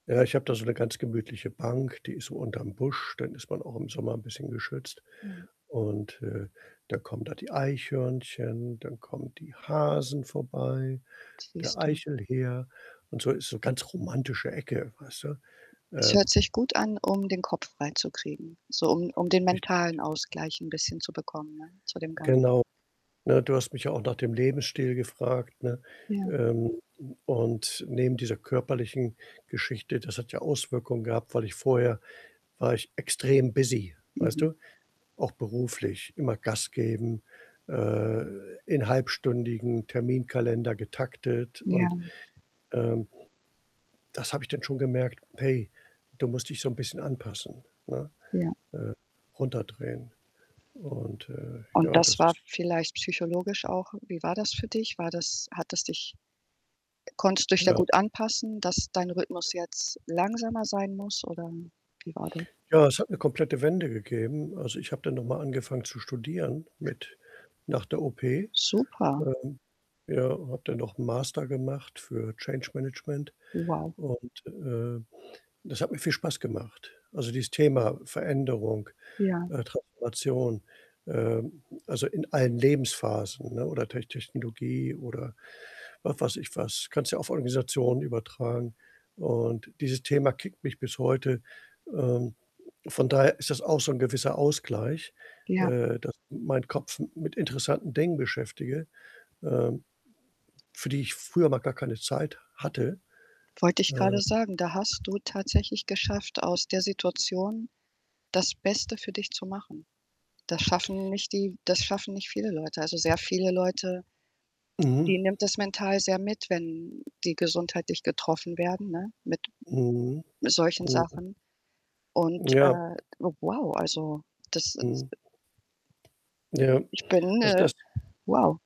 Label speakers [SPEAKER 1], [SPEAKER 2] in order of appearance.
[SPEAKER 1] Ja, ich habe da so 'ne ganz gemütliche Bank, die ist so unterm Busch, dann ist man auch im Sommer 'n bisschen geschützt
[SPEAKER 2] Mhm.
[SPEAKER 1] und, äh, da kommen da die Eichhörnchen, dann kommen die Hasen vorbei, der
[SPEAKER 2] Siehst du.
[SPEAKER 1] Eichelhäher und so. Ist so ganz romantische Ecke, weißt du?
[SPEAKER 2] Es
[SPEAKER 1] Äh
[SPEAKER 2] hört sich gut an, um den Kopf freizukriegen. So um um den
[SPEAKER 1] Richtig.
[SPEAKER 2] mentalen Ausgleich 'n bisschen zu bekommen, ne, zu dem Ganzen.
[SPEAKER 1] Genau, ne, du hast mich ja auch nach dem Lebensstil gefragt, ne?
[SPEAKER 2] Ja.
[SPEAKER 1] Ähm, und neben dieser körperlichen Geschichte das hat ja Auswirkungen gehabt, weil ich vorher war ich extrem busy, weißt
[SPEAKER 2] Mhm.
[SPEAKER 1] du? Auch beruflich, immer Gas geben, äh, in halbstündigen Terminkalender getaktet
[SPEAKER 2] Ja.
[SPEAKER 1] und, ähm das habe ich dann schon gemerkt: „Hey, du musst dich so 'n bisschen anpassen, ne,
[SPEAKER 2] Ja.
[SPEAKER 1] äh, runterdrehen.“ Und, äh,
[SPEAKER 2] Und
[SPEAKER 1] ja,
[SPEAKER 2] das
[SPEAKER 1] das
[SPEAKER 2] war
[SPEAKER 1] ist
[SPEAKER 2] vielleicht psychologisch auch wie war das für dich? War das hat es dich konntest du dich da
[SPEAKER 1] Ja.
[SPEAKER 2] gut anpassen, dass dein Rhythmus jetzt langsamer sein muss oder wie war das?
[SPEAKER 1] Ja, es hat 'ne komplette Wende gegeben. Also, ich habe dann noch mal angefangen zu studieren mit nach der OP.
[SPEAKER 2] Super.
[SPEAKER 1] Ähm, ja, habe dann noch 'n Master gemacht für Change Management
[SPEAKER 2] Wow.
[SPEAKER 1] und, äh, das hat mir viel Spaß gemacht. Also, dieses Thema Veränderung,
[SPEAKER 2] Ja.
[SPEAKER 1] äh, Transformation, ähm, also, in allen Lebensphasen, ne, oder Tech Technologie oder was weiß ich was kannst du ja auf Organisationen übertragen und dieses Thema kickt mich bis heute. Ähm, von daher ist das auch so 'n gewisser Ausgleich,
[SPEAKER 2] Ja.
[SPEAKER 1] äh, dass ich meinen Kopf m mit interessanten Dingen beschäftige, ähm, für die ich früher mal gar keine Zeit hatte.
[SPEAKER 2] Wollte ich
[SPEAKER 1] Äh
[SPEAKER 2] grade sagen, da hast du tatsächlich geschafft, aus der Situation das Beste für dich zu machen. Das schaffen nicht die das schaffen nicht viele Leute. Also, sehr viele Leute die
[SPEAKER 1] Mhm.
[SPEAKER 2] nimmt das mental sehr mit, wenn die gesundheitlich getroffen werden, ne, mit
[SPEAKER 1] Mhm,
[SPEAKER 2] solchen
[SPEAKER 1] mhm.
[SPEAKER 2] Sachen und,
[SPEAKER 1] Ja.
[SPEAKER 2] äh, wow, also, das ist
[SPEAKER 1] Mhm. Ja.
[SPEAKER 2] Ich bin,
[SPEAKER 1] Also,
[SPEAKER 2] äh
[SPEAKER 1] das
[SPEAKER 2] wow.